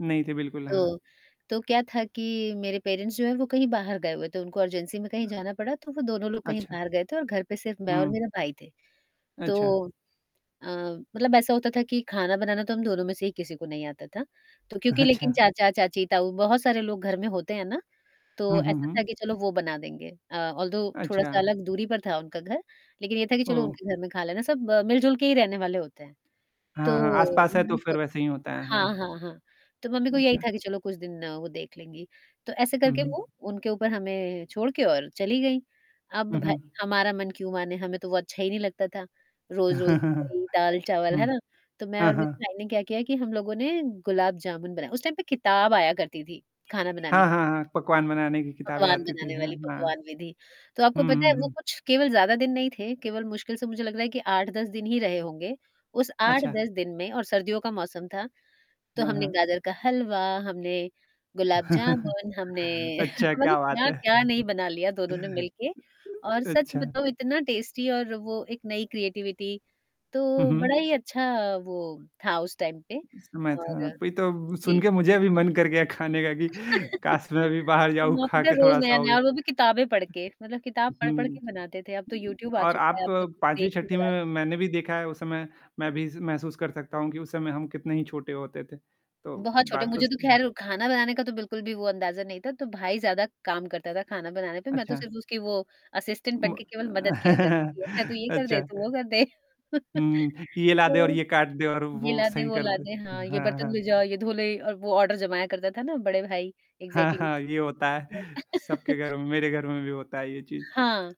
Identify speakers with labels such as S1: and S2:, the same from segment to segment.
S1: नहीं थे बिल्कुल, हाँ।
S2: तो तो क्या था कि, मेरे पेरेंट्स जो हैं वो कहीं बाहर गए हुए थे, उनको अर्जेंसी में कहीं जाना पड़ा, तो वो दोनों लोग कहीं
S1: अच्छा।
S2: बाहर गए थे और घर पे सिर्फ़ मैं और
S1: हुँ।
S2: मेरा भाई थे।
S1: अच्छा।
S2: तो अ, मतलब ऐसा होता था कि ख़ाना बनाना तो हम दोनों में से ही किसी को नहीं आता था, तो क्योंकि लेकिन
S1: अच्छा।
S2: चाचा-चाची, ताऊ बहुत सारे लोग घर में होते हैं ना? तो
S1: हुँ, हुँ,
S2: ऐसा था
S1: हुँ।
S2: कि चलो वो बना देंगे। अ, ऑल्दो थोड़ा-सा
S1: अच्छा।
S2: अलग दूरी पर था उनका घर, लेकिन ये था कि चलो
S1: ओह!
S2: उनके घर में ख़ा लेना, सब मिल-जुल के ही रहने वाले होते हैं। तो
S1: हाँ, हाँ, आस-पास है तो
S2: मम्मी को
S1: फ़िर वैसे ही होता है।
S2: हाँ,
S1: हाँ।
S2: हाँ, हाँ, तो मम्मी को यही था
S1: अच्छा।
S2: कि चलो कुछ दिन वो देख लेंगी, तो ऐसे
S1: हुँ,
S2: करके
S1: हुँ।
S2: वो उनके ऊपर हमें छोड़ के और चली गई। अब
S1: हुँ,
S2: भई,
S1: हुँ।
S2: हमारा मन क्यों माने हमें तो बहुत अच्छा ही नहीं लगता था, रोज़-रोज़ वही दाल-चावल, है
S1: हुँ।
S2: ना? तो मैं
S1: हाँ,
S2: और मेरे
S1: हाँ।
S2: भाई ने क्या किया कि हम लोगों ने गुलाब जामुन बनाया, उस टाइम पे किताब आया करती थी ख़ाना बनाने
S1: हाँ,
S2: की
S1: हाँ, हाँ, पकवान बनाने की किताबें
S2: पकवान
S1: आती थी।
S2: बनाने
S1: हाँ,
S2: वाली
S1: हाँ।
S2: पकवान विधि। तो आपको
S1: हुँ,
S2: पता है
S1: हुँ,
S2: वो
S1: हुँ।
S2: कुछ केवल ज़्यादा दिन नहीं थे, केवल मुश्किल से मुझे लग रहा है कि 8-10 दिन ही रहे होंगे, उस आठ
S1: अच्छा।
S2: दस दिन में और सर्दियों का मौसम था। तो
S1: हाँ,
S2: हमने
S1: हाँ।
S2: गाजर का हलवा, हमने गुलाब जामुन, हमने
S1: अच्छा,
S2: मतलब
S1: क्या बात है!
S2: क्या-क्या नहीं बना लिया दोनों ने मिलके और सच
S1: अच्छा।
S2: बताऊँ इतना टेस्टी और वो एक नई क्रिएटिविटी,
S1: हुँ,
S2: तो बड़ा
S1: हुँ।
S2: ही अच्छा वो था उस टाइम पे
S1: समय था,
S2: और
S1: वही तो सुन
S2: जी।
S1: के मुझे भी मन कर गया ख़ाने का कि, काश मैं भी बाहर जाऊँ,
S2: वो
S1: खा
S2: पता
S1: के
S2: रोज़
S1: थोड़ा-सा हो
S2: नया-नया
S1: आऊँ।
S2: और वो
S1: अ
S2: भी किताबें पढ़ के मतलब किताब पढ़-पढ़ के
S1: हुँ।
S2: बनाते थे। अब तो यूट्यूब आ
S1: और
S2: चुका है
S1: आप
S2: आप सब कुछ
S1: 5वीं
S2: देख के
S1: छठी
S2: बना
S1: में
S2: सकते हैं।
S1: मैंने भी देखा है उस समय, मैं भी स महसूस कर सकता हूँ कि उस समय हम कितने ही छोटे होते थे। तो
S2: बहुत छोटे,
S1: बात तो
S2: मुझे तो
S1: सही
S2: ख़ैर ख़ाना बनाने का तो बिल्कुल भी वो अंदाज़ा नहीं था। तो भाई ज़्यादा काम करता था ख़ाना बनाने पे, मैं तो
S1: अच्छा।
S2: सिर्फ़ उसकी वो असिस्टेंट
S1: म
S2: बन के केवल
S1: अ,
S2: मदद किया करती थी, अच्छा तू ये कर दे,
S1: अच्छा।
S2: तू वो कर दे।
S1: हुँ, ये ला दे और
S2: हुँ।
S1: ये काट दे और
S2: ये
S1: वो
S2: ला दे,
S1: सही
S2: वो
S1: कर
S2: ला
S1: दे।
S2: दे, हाँ
S1: हुँ,
S2: ये
S1: हाँ,
S2: बर्तन
S1: हाँ।
S2: ले जाओ, ये धो ले और वो ऑर्डर जमाया करता था ना, बड़े भाई
S1: हाँ,
S2: एग्ज़ैक्ट्ली।
S1: हाँ। ये होता
S2: तो
S1: है, सबके घरों में, मेरे घर में भी होता है ये चीज़।
S2: हाँ।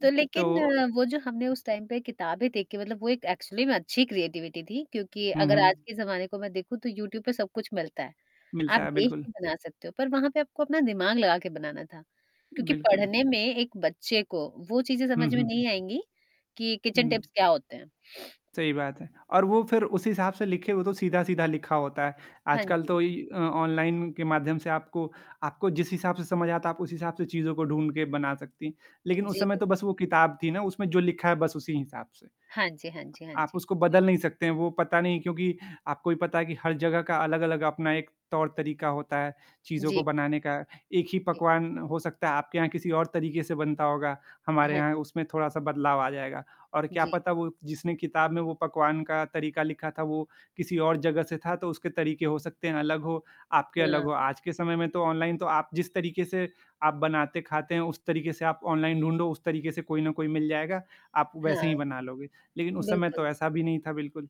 S2: तो लेक़िन
S1: तो
S2: वो जो हमने उस टाइम पे किताबें देख के मतलब वो एक एक्चुअली में अच्छी क्रिएटिविटी थी, क्योंकि
S1: हुँ,
S2: अगर आज
S1: हुँ।
S2: के ज़माने को मैं देखूँ तो यूट्यूब पे सब कुछ मिलता है। आप
S1: मिलता है,
S2: देख के
S1: बिल्कुल।
S2: बना सकते हो, पर वहाँ पे आपको अपना दिमाग लगा के बनाना था, क्योंकि
S1: बिल्कुल।
S2: पढ़ने में एक बच्चे को वो चीज़ें
S1: हुँ,
S2: समझ में
S1: हुँ।
S2: नहीं आएँगी, कि किचन
S1: हुँ।
S2: टिप्स क्या होते हैं?
S1: सही बात है। और वो फ़िर उस हिसाब से लिखे हुए तो सीधा-सीधा लिखा होता है।
S2: हाँ
S1: आजकल
S2: जी।
S1: तो इ अ, ऑनलाइन के माध्यम से आपको आपको जिस हिसाब से समझ आता है, आप उस हिसाब से चीज़ों को ढूँढ़ के बना सकती, लेकिन उस
S2: जी,
S1: समय
S2: बिल्कु
S1: तो बस वो किताब थी ना, उसमें जो लिखा है बस उसी हिसाब से।
S2: हाँ जी, हाँ जी, हाँ
S1: आप
S2: जी।
S1: उसको बदल नहीं सकते हैं, वो पता नहीं क्योंकि आपको भी पता है कि हर जगह का अलग-अलग अपना एक तौर-तरीक़ा होता है, चीज़ों
S2: जी।
S1: को
S2: बिल्कु
S1: बनाने का। एक ही
S2: जी।
S1: पकवान हो सकता है आपके यहाँ किसी और तरीक़े से बनता होगा, हमारे
S2: हाँ।
S1: यहाँ उसमें थोड़ा-सा बदलाव आ जाएगा, और क्या
S2: जी।
S1: पता वो जिसने किताब में वो पकवान का तरीक़ा लिखा था, वो किसी और जगह से था तो उसके तरीक़े हो सकते हैं अलग हो, आपके अलग
S2: हाँ।
S1: हो। आज के समय में तो ऑनलाइन तो आप जिस तरीके से आप बनाते ख़ाते हैं उस तरीक़े से आप ऑनलाइन ढूँढ़ो, उस तरीक़े से कोई ना कोई मिल जाएगा, आप वैसे
S2: हाँ।
S1: ही बना लोगे। लेक़िन उस समय
S2: बिल्कुल।
S1: तो ऐसा भी नहीं था बिल्कुल।